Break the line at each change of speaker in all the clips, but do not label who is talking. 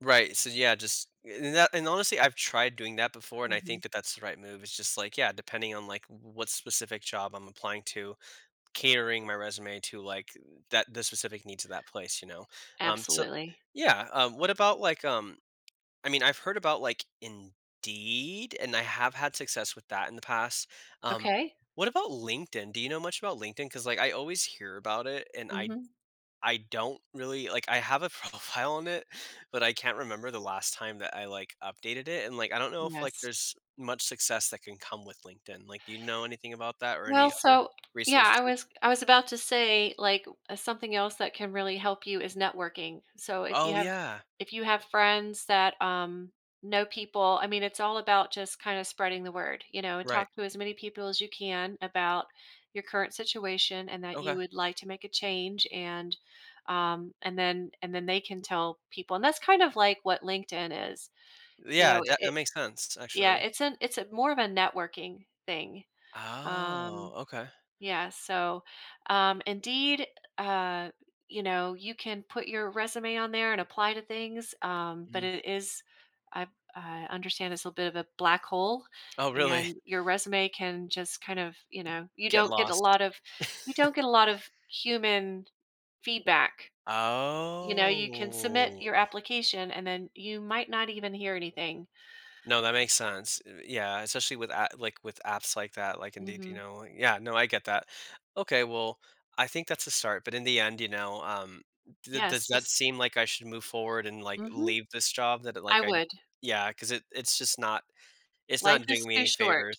Right, so, yeah, just a and that and, honestly, I've tried doing that before, and I
Mhm.
think that that's the right move, it's just, like, yeah, depending on, like, w w what specific job I'm applying to, catering my resume to, like, that the specific needs of that place, you know? Um, so
Absolutely.
Yeah, um, what about, like, um I mean, I've heard about, like, Indeed, and I have had success with that in the past, um,
Okay.
what about LinkedIn? Do you know much about LinkedIn? 'Cause, like, I always hear about it, and I
Mhm.
I don't really like, I have a profile on it, but I can't remember the last time that I, like, updated it, and, like, I don't know if, like,
Yes.
there's much success that can come with LinkedIn, like, do you know anything about that or
Well,
any other
so Yeah, I
resources?
was I was about to say, like, w uh, something else that can really help you is networking, so, if you
Oh,
have
yeah.
if you have friends that, um, know people I mean, it's all about just kinda spreading the word, you know,
Right.
talk to as many people as you can about your current situation, and that you
Okay.
would like to make a change, and, um, and then and then, they can tell people and that's kind of like what LinkedIn is, you
Yeah,
know? I
that that
it
makes sense,
Yeah,
actually.
it's an it's a more of a networking thing.
Oh,
Um,
okay.
yeah, so, um, Indeed, eh, uh, you know, you can put your resume on there and apply to things, um, but
Mm.
it is I I understand it's a bit of a black hole,
Oh, really?
and your resume can just kind of, you
Y
know you
Get
don't get a
lost.
lot of you don't get a lot of human feedback, you know? You can submit your
Oh.
application, and then you might not even hear anything.
No, that makes sense, uh, yeah, especially with a like, with apps like that, like, Indeed, you
Mhm.
know? Yeah, no, I get that. Okay, well, I think that's a start, but in the end, you know, um, d does
Yes,
that
just
seem like I should move forward and, like,
Mhm.
leave this job that, uh,
I
like, I
would.
Yeah, 'cause it it's just not it's
Life
not
is
doing me
too
any
short.
favors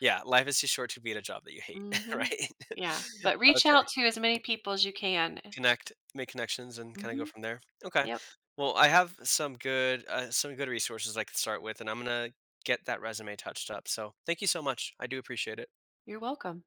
Yeah, life is too short to be at a job that you hate,
Mhm.
right?
Yeah. But reach
Okay.
out to as many people as you can.
Connect make connections and kinda go
Mhm.
from there? Okay.
Yep.
Well, I have some good uh, some good resources I could start with, and I'm gonna get that resume touched up, so, thank you so much. I do appreciate it.
You're welcome.